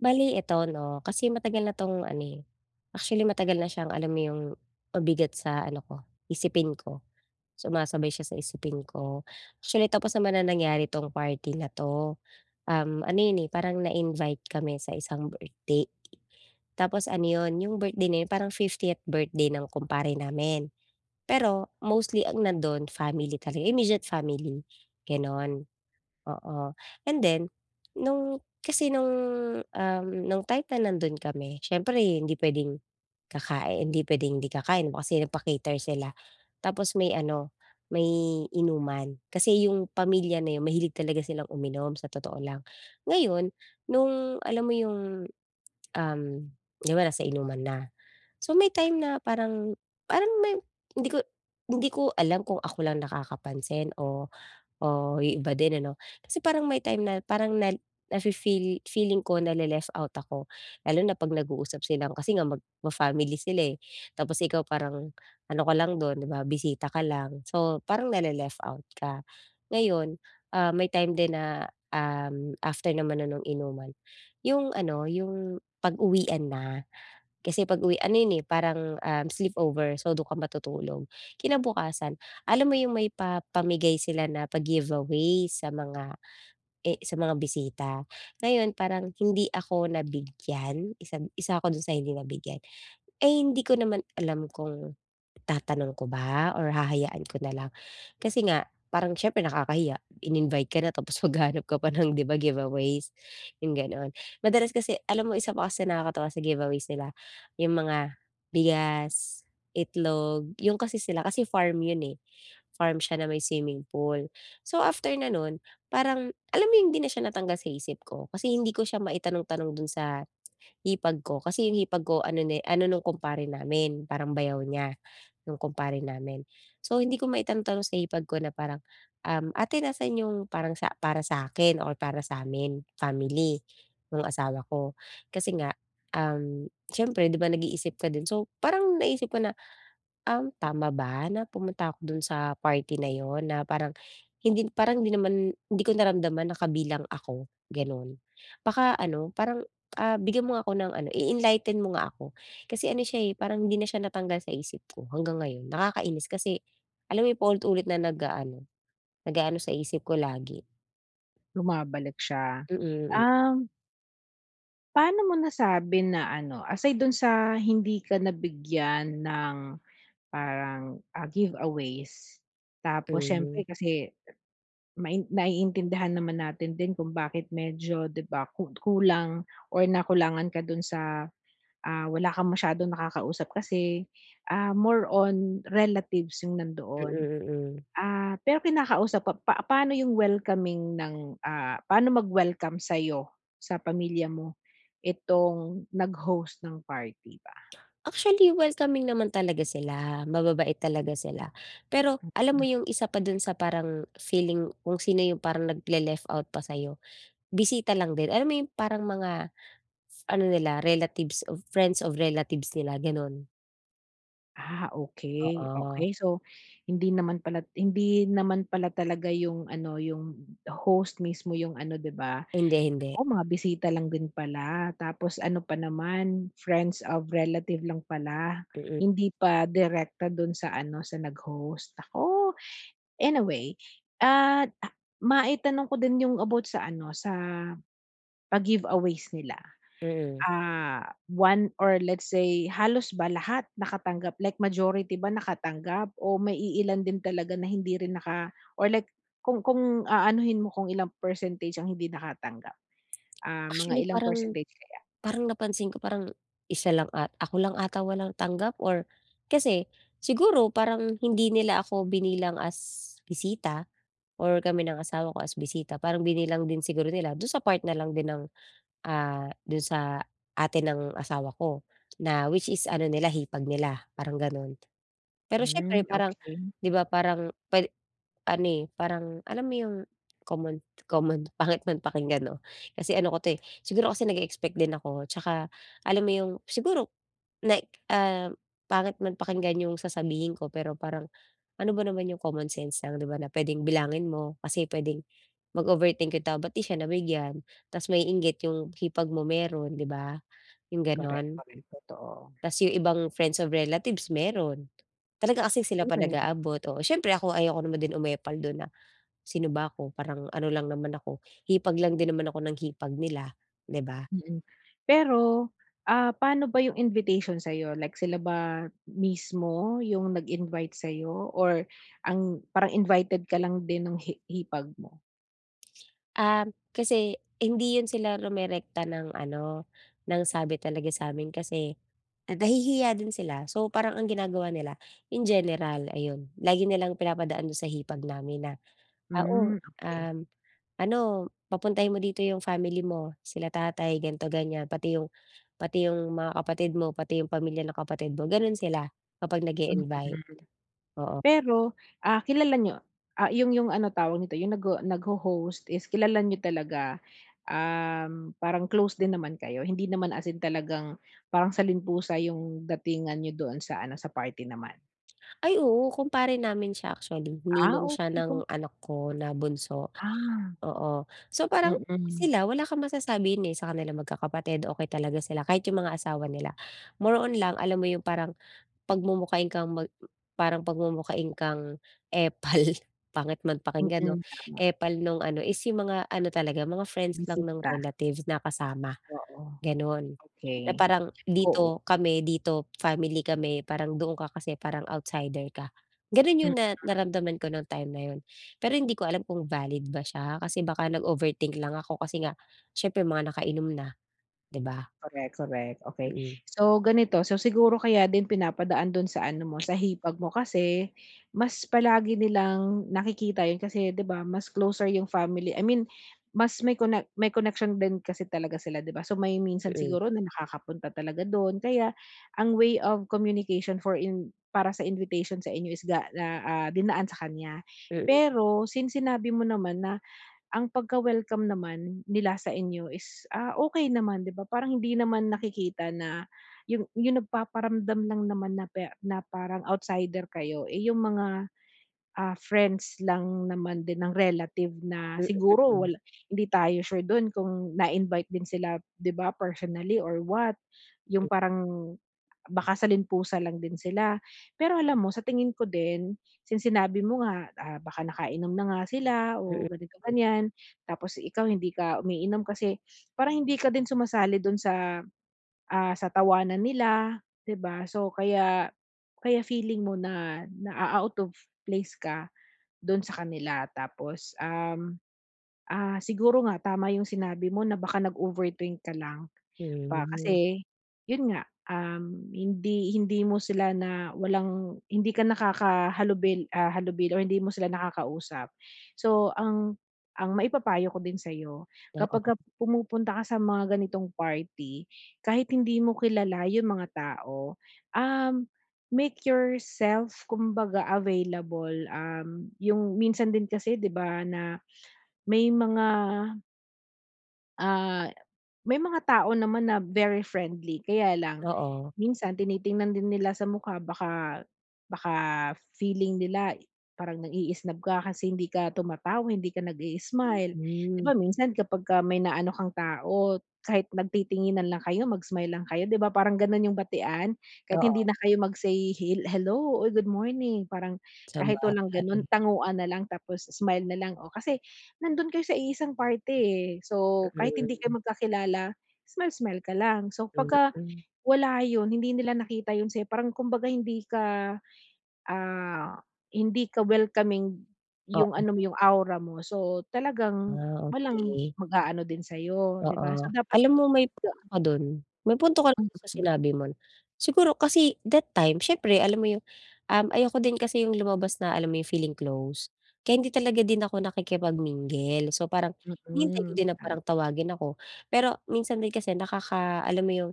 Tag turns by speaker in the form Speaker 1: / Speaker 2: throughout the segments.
Speaker 1: Bali eto 'no kasi matagal na 'tong ano eh, actually matagal na siyang alam mo yung mabigat sa ano ko isipin ko, sumasabay siya sa isipin ko actually. Tapos naman na nangyari 'tong party na 'to. Um, ano yun eh, parang na-invite kami sa isang birthday. Tapos ano yun, yung birthday na yun parang 50th birthday ng kumpare namin pero mostly ang nandoon family talaga, immediate family, gano'n, oo. And then nung, kasi nung, um, nung time na nandun kami, siyempre hindi pwedeng kakain hindi pwedeng hindi kakain ba kasi nagpa-cater sila. Tapos may ano, may inuman kasi yung pamilya na yun mahilig talaga silang uminom sa totoo lang. Ngayon nung, alam mo yung, um, di ba nasa inuman na, so may time na parang, parang may hindi ko hindi ko alam kung ako lang nakakapansin o o yung iba din ano. Kasi parang may time na parang nel na-fe-feel feeling ko na-le-left out ako lalo na pag nag-uusap silang kasi nga mag ma-family sila eh, tapos ikaw parang ano ka lang dun di ba bisita ka lang, so parang na-le-left out ka. Ngayon, ah, may time din na um after naman na nung inuman, yung ano yung pag-uwian na, kasi pag-uwi ano yun eh parang, um, sleepover so dun ka matutulog kinabukasan, alam mo yung may pa pamigay sila na pa-giveaways sa mga eh sa mga bisita. Ngayon, parang hindi ako nabigyan isad isa ako dun sa hindi nabigyan eh. Hindi ko naman alam kung tatanong ko ba or hahayaan ko nalang kasi nga parang siyempre nakakahiya, in-invite ka na tapos maghahanap ka pa ng, di ba, giveaways, yung ganon. Madalas kasi alam mo isa pa kasi nakakatawa sa giveaways nila yung mga bigas, itlog, yun kasi sila kasi farm yun eh, farm siya na may swimming pool. So after na nun, parang alam mo yung hindi na siya natanggal sa isip ko, kasi hindi ko siya maitanong-tanong dun sa hipag ko. Kasi yung hipag ko ano ne ano nung kumpare namin, parang bayaw niya nung kumpare namin. So hindi ko maitanong-tanong sa hipag ko na parang, um ate, nasaan yung parang sa para sa'kin or para sa'min family yung asawa ko, kasi nga um siyempre di ba nag-iisip ka din. So parang naisip ko na, um, tama ba na pumunta ako dun sa party na yun na parang hindi parang di naman di ko naramdaman na kabilang ako ganon. Baka ano, parang, ah, bigyan mo nga ako ng ano, i-enlighten mo nga ako kasi ano siya eh, parang hindi na siya natanggal sa isip ko hanggang ngayon. Nakakainis kasi alam mo yung paulit-ulit na nag-aano, nag-aano sa isip ko lagi.
Speaker 2: Bumabalik siya,
Speaker 1: Mm, mm.
Speaker 2: um Paano mo nasabi na ano, aside do'n sa hindi ka nabigyan ng parang, ah, giveaways, tapos siyempre
Speaker 1: Tama.
Speaker 2: kasi mai naiintindihan naman natin din kung bakit medyo, 'di ba, ku kulang or nakulangan ka do'n sa ah, wala kang masyadong nakakausap kasi, ah, more on relatives yung
Speaker 1: Mm,
Speaker 2: nandoon.
Speaker 1: mm.
Speaker 2: Ah, pero kinakausap pa pa paano yung welcoming ng, ah, paano mag-welcome sa'yo, sa pamilya mo itong nag-host ng party ba?
Speaker 1: Actually, welcoming naman talaga sila mababait talaga sila. Pero alam mo
Speaker 2: Mm.
Speaker 1: yung isa pa do'n sa parang feeling kung sino yung parang nag le-left out pa sa'yo, bisita lang din, alam mo yung parang mga ano nila relatives of friends of relatives nila, gano'n.
Speaker 2: Ah, okey,
Speaker 1: Oo.
Speaker 2: okey, so hindi naman pala hindi naman pala talaga yung ano yung host mismo yung ano 'di ba?
Speaker 1: Hindi,
Speaker 2: Nako,
Speaker 1: hindi.
Speaker 2: mga bisita lang din pala tapos ano pa naman friends of relative lang pala,
Speaker 1: Mm.
Speaker 2: hindi pa direkta do'n sa ano sa nag-host, nako. Anyway at ma-itanong ko din yung about sa ano sa, pa-give aways nila.
Speaker 1: Mm.
Speaker 2: Ah, one or let's say halos ba lahat nakatanggap like majority ba nakatanggap o may iilan din talaga na hindi rin naka or like kung kung aanuhin mo kung ilang percentage ang hindi nakatanggap, ah, mga
Speaker 1: Actually
Speaker 2: ilang
Speaker 1: parang
Speaker 2: percentage kaya?
Speaker 1: parang napansin ko parang 1 lang at ako lang ata walang tanggap or kasi siguro parang hindi nila ako binilang as bisita or kami ng asawa ko as bisita parang binilang din siguro nila do'n sa part na lang din ng, ah, do'n sa ate ng asawa ko na which is ano nila hipag nila parang gano'n. Pero siyempre
Speaker 2: Hmm,
Speaker 1: parang,
Speaker 2: okey.
Speaker 1: 'di ba, parang puwede ano, eh, parang alam mo yung common, common pangit man pakinggan 'no, kasi ano ko 'to, eh. Siguro kasi nag-e-expect din ako 'tsaka alam mo yung siguro like, ah, pangit man pakinggan yung sasabihin ko pero parang, ano ba naman 'yung common sense lang 'di ba na puwedeng bilangin mo kasi puwedeng mag-overthink yung tao ba't 'di siya nabigyan? Tapos mainggit 'yong hipag mo mayro'n, 'di ba? 'Yong
Speaker 2: Korek,
Speaker 1: gano'n.
Speaker 2: korek totoo.
Speaker 1: Tas yung ibang friends of relatives mayro'n, talaga kasi sila pa
Speaker 2: Korek.
Speaker 1: nag-aabot, oo, siyempre ako ayoko naman din umepal do'n na, sino ba ako? Parang ano lang naman ako hipag lang din naman ako ng hipag nila, 'di ba?
Speaker 2: Mm. Pero, ah, paano ba yung invitation sa'yo like sila ba mismo yung nag-invite sa'yo or ang parang invited ka lang din nung hi hipag mo?
Speaker 1: Um, kasi hindi 'yun sila rumerekta ng ano ng sabi talaga sa'min kasi, nahihiya din sila, so parang ang ginagawa nila in general ayun. Lagi nilang pinapadaan do'n sa hipag namin na, ah, o,
Speaker 2: Hmm, okey.
Speaker 1: um, "Ano papuntahin mo dito 'yung family mo, sila tatay gan'to ganyan, pati 'yung, pati 'yung mga kapatid mo, pati 'yung pamilya ng kapatid mo." Gano'n sila, kapag
Speaker 2: Mm.
Speaker 1: nag-i-invite, oo.
Speaker 2: Pero, ah, kilala niyo ah, 'yung 'yung ano tawag nito, 'yung nagho nag-ho-host is kilala niyo talaga, um, parang close din naman kayo, hindi naman as in talagang parang saling pusa 'yung datingan niyo doon sa ano sa party naman?
Speaker 1: Ay, oo, kumpare namin siya actually,
Speaker 2: Ah
Speaker 1: ninong siya
Speaker 2: okey kung
Speaker 1: ng anak ko na bunso,
Speaker 2: Ah.
Speaker 1: oo. So parang,
Speaker 2: Mm.
Speaker 1: sila wala kang masasabi 'yun eh sa kanilang magkakapatid okey talaga sila, kahit 'yung mga asawa nila. More on lang alam mo 'yung parang, pagmumukhain kang mag parang pagmumukhain kang epal, pangit man pakinggan 'no,
Speaker 2: Mm, tama.
Speaker 1: epal nung ano is 'yung mga ano talaga, mga friends lang ng
Speaker 2: Bisita.
Speaker 1: relatives na kasama,
Speaker 2: Oo,
Speaker 1: gano'n.
Speaker 2: okey,
Speaker 1: Eh, parang,
Speaker 2: oo.
Speaker 1: dito kami, dito family, kami parang doon ka kasi parang outsider ka. Ganun
Speaker 2: Mm.
Speaker 1: 'yun na naramdaman ko nung time na 'yun, pero hindi ko alam kung valid ba siya, kasi baka nag-overthink lang ako, kasi nga siyempre mga nakainom na, 'di'ba.
Speaker 2: Korek, korek, okey.
Speaker 1: Mm.
Speaker 2: So ganito, so siguro kaya din pinapadaan dun sa ano mo, sa hipag mo, kasi mas palagi nilang nakikita 'yun, kasi 'di ba, mas closer 'yung family i mean mas may connect may connection din kasi talaga sila 'di ba, so may minsan
Speaker 1: Mm.
Speaker 2: siguro na nakakapunta talaga dun, kaya ang way of communication for in para sa invitation sa inyo is ga na ah, dinaan sa kanya.
Speaker 1: Mm.
Speaker 2: Pero since sinabi mo naman na ang pagka welcome naman nila sa inyo is, ah, okey naman 'di ba parang hindi naman nakikita na 'yung 'yung nagpaparamdam lang naman na pa na parang outsider kayo, eh, yung mga, ah, friends lang naman din ng relative na
Speaker 1: Mm,
Speaker 2: siguro
Speaker 1: mm.
Speaker 2: wala 'di tayo sure dun kung na invite din sila 'di ba personally or what, 'yung parang, baka saling-pusa lang din sila. Pero alam mo sa tingin ko din, since sinabi mo nga, ah, baka nakainom na nga sila
Speaker 1: Mm,
Speaker 2: o ganito
Speaker 1: hmm.
Speaker 2: ganiyan, tapos ikaw hindi ka umiinom kasi parang hindi ka din sumasali dun sa, ah, sa tawanan nila, 'di ba, so kaya kaya feeling mo na, naa-out of place ka, dun sa kanila. Tapos, um, ah, siguro nga tama 'yung sinabi mo na baka nag-overthink ka lang ba,
Speaker 1: Hmm.
Speaker 2: kasi, 'yun nga, um, hindi hindi mo sila na walang hindi ka nakakahalubil ah, halubilo or hindi mo sila nakakausap. So ang ang maipapayo ko din sa'yo
Speaker 1: Oo.
Speaker 2: kapagka pumupunta ka sa mga ganitong party kahit hindi mo kilala 'yung mga tao, um, make yourself kumbaga available, um, 'yung minsan din kasi 'di ba na may mga Ah, may mga tao naman na very friendly kaya lang
Speaker 1: Oo.
Speaker 2: minsan tinitingnan din nila sa mukha baka baka feeling nila parang nang-i-isnob ka kasi hindi ka tumatawa hindi ka nag-i-smile. 'Di
Speaker 1: Mhm.
Speaker 2: ba, minsan kapagka may naano kang tao kahit nagtitinginan lang kayo mag-smile lang kayo 'di ba, parang ganun yung batian. Kahit hindi
Speaker 1: Oo.
Speaker 2: na kayo mag-say hil hello o good morning, parang kahit walang ganun,
Speaker 1: Sabagay.
Speaker 2: tanguan na lang tapos smile na lang. O kasi nandon kayo sa iisang party eh, so kahit hindi kayo
Speaker 1: Mm.
Speaker 2: magkakilala, smile-smile ka lang. So, pagka
Speaker 1: Mm.
Speaker 2: wala yun, hindi nila nakita yun sa'yo, parang kumbaga hindi ka, ah, hindi ka welcoming, yung
Speaker 1: Oo.
Speaker 2: ano mo, yung aura mo, so talagang
Speaker 1: Ah,
Speaker 2: walang
Speaker 1: okey.
Speaker 2: mag-aano din sa'yo 'di ba, so
Speaker 1: Oo.
Speaker 2: dapat,
Speaker 1: Alam mo may
Speaker 2: da
Speaker 1: punto ka dun, may punto ka run sa
Speaker 2: Mm.
Speaker 1: sinabi mo. Siguro kasi that time siyempre alam mo yung, um, ayoko din kasi yung lumabas na alam mo yung feeling close, kaya hindi talaga din ako nakikipag-mingle. So parang hinihintay ko
Speaker 2: Mm,
Speaker 1: din na
Speaker 2: tam
Speaker 1: parang tawagin ako, pero minsan din kasi nakaka alam mo yung,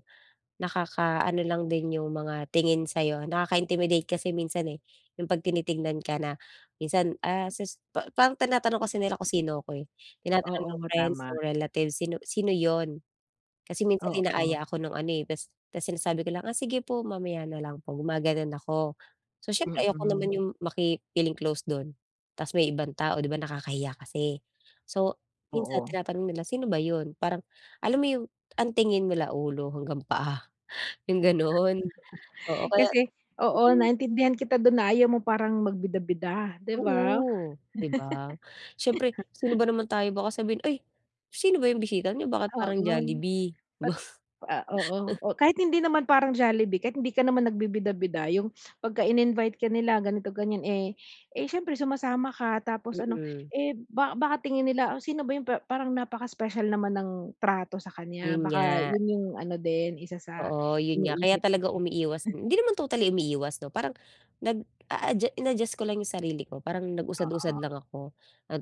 Speaker 1: nakaka ano lang din yung mga tingin sa'yo, nakaka-intimidate kasi minsan eh. 'Yung pag tinitingnan ka na minsan, ah, ses pa parang tinatanong kasi nila kung sino 'ko eh, tinatanong
Speaker 2: Oo
Speaker 1: ng
Speaker 2: nga,
Speaker 1: friends,
Speaker 2: tama.
Speaker 1: nung relatives, sino sino 'yon? Kasi minsan
Speaker 2: Oo.
Speaker 1: inaaya ako nung ano eh, ta's, ta's sinasabi ko lang ah, sige po mamaya na lang po, gumaganun ako. So siyempre ayoko naman
Speaker 2: Mm.
Speaker 1: yung maki-feeling close dun ta's may ibang tao, 'di ba, nakakahiya kasi. So, minsan
Speaker 2: Oo.
Speaker 1: tinatanong nila sino ba yun? Parang alam mo yung ang tingin nila ulo hanggang paa. 'Yung gano'n, oo kaya,
Speaker 2: Kasi oo,
Speaker 1: mm.
Speaker 2: naintindihan kita dun na ayaw mo parang magbida-bida 'di ba?
Speaker 1: Oo, 'di ba. Siyempre sino ba naman tayo baka sabihin ay sino ba yung bisita n'yo bakit parang
Speaker 2: Oo.
Speaker 1: Jollibee?
Speaker 2: At
Speaker 1: Ba
Speaker 2: ah, oo. O kahit hindi naman parang Jollibee, kahit hindi ka naman nagbibida-bida, yung pagka in-invite ka nila ganito, ganyan, eh, eh, siyempre sumasama ka tapos ano,
Speaker 1: Mm.
Speaker 2: eh, ba baka tingin nila o sino ba yung pa parang napaka-special naman ng trato sa kanya,
Speaker 1: Yun
Speaker 2: baka
Speaker 1: nga.
Speaker 2: yun yung ano din, isa sa
Speaker 1: Oo, yun nga. Kaya
Speaker 2: iniisip
Speaker 1: talaga
Speaker 2: mo?
Speaker 1: umiiwas, hindi naman totally umiiwas 'no, parang nag-aadya in-adjust ko lang yung sarili ko. Parang
Speaker 2: Oo.
Speaker 1: nag-usad-usad lang ako at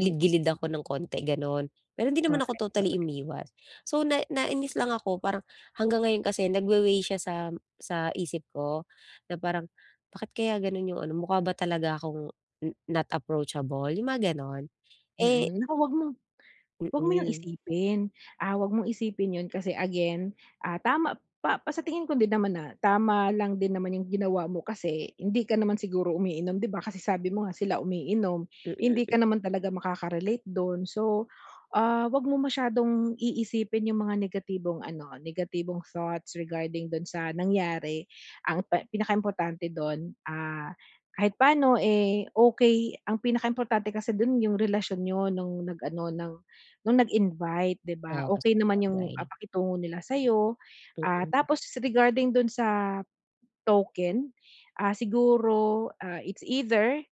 Speaker 2: Mm.
Speaker 1: ako nang konti gano'n, pero hindi naman
Speaker 2: Korek,
Speaker 1: ako totally
Speaker 2: korek.
Speaker 1: umiwas. So, na nainis lang ako parang hanggang ngayon kasi nagwa-way siya sa sa isip ko, na parang bakit kaya ganun yung ano mukha ba talaga akong n not approachable, yung mga ganon, eh
Speaker 2: Mm, naku 'wag mong 'wag mo yung
Speaker 1: Mm.
Speaker 2: isipin. Ah, 'wag mong isipin yun kasi again, ah, tama pa pa sa tingin ko din naman na tama lang din naman yung ginawa mo kasi hindi ka naman siguro umiinom 'di ba, kasi sabi mo nga sila umiinom
Speaker 1: Mm
Speaker 2: hindi
Speaker 1: m.
Speaker 2: ka naman talaga makaka-relate dun. So, ah, 'wag mo masyadong iisipin yung mga negatibong ano, negatibong thoughts regarding dun sa nangyari. Ang pe pinakaimportante dun, ah, kahit paano eh, okey, ang pinakaimportante kasi dun yung relasyon niyo nung nag-ano ng, nung nag-invite 'di ba.
Speaker 1: Ah,
Speaker 2: Okey naman yung ah,
Speaker 1: sabagay.
Speaker 2: pakitungo nila sayo ah,
Speaker 1: Mm.
Speaker 2: tapos regarding dun sa token, ah, siguro, ah, it's either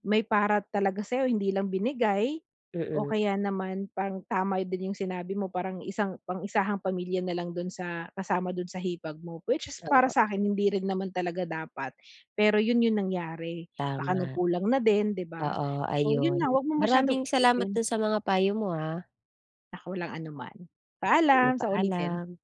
Speaker 2: may para talaga sa'yo hindi lang binigay o
Speaker 1: Mm.
Speaker 2: kaya naman pang tama din yung sinabi mo parang isang pang-isahang pamilya na lang dun sa kasama dun sa hipag mo. Which is para
Speaker 1: Oo.
Speaker 2: sa'kin, hindi rin naman talaga dapat, pero yun yung nangyari, baka
Speaker 1: Tama.
Speaker 2: nagkulang na din, 'di ba?
Speaker 1: Oo
Speaker 2: So, yun
Speaker 1: ayun,
Speaker 2: na 'wag mo masyadong
Speaker 1: maraming salamat
Speaker 2: isipin.
Speaker 1: dun sa mga payo mo ah.
Speaker 2: Naku, walang anuman.
Speaker 1: Mm,
Speaker 2: Paalam, sa ulitin.
Speaker 1: paalam.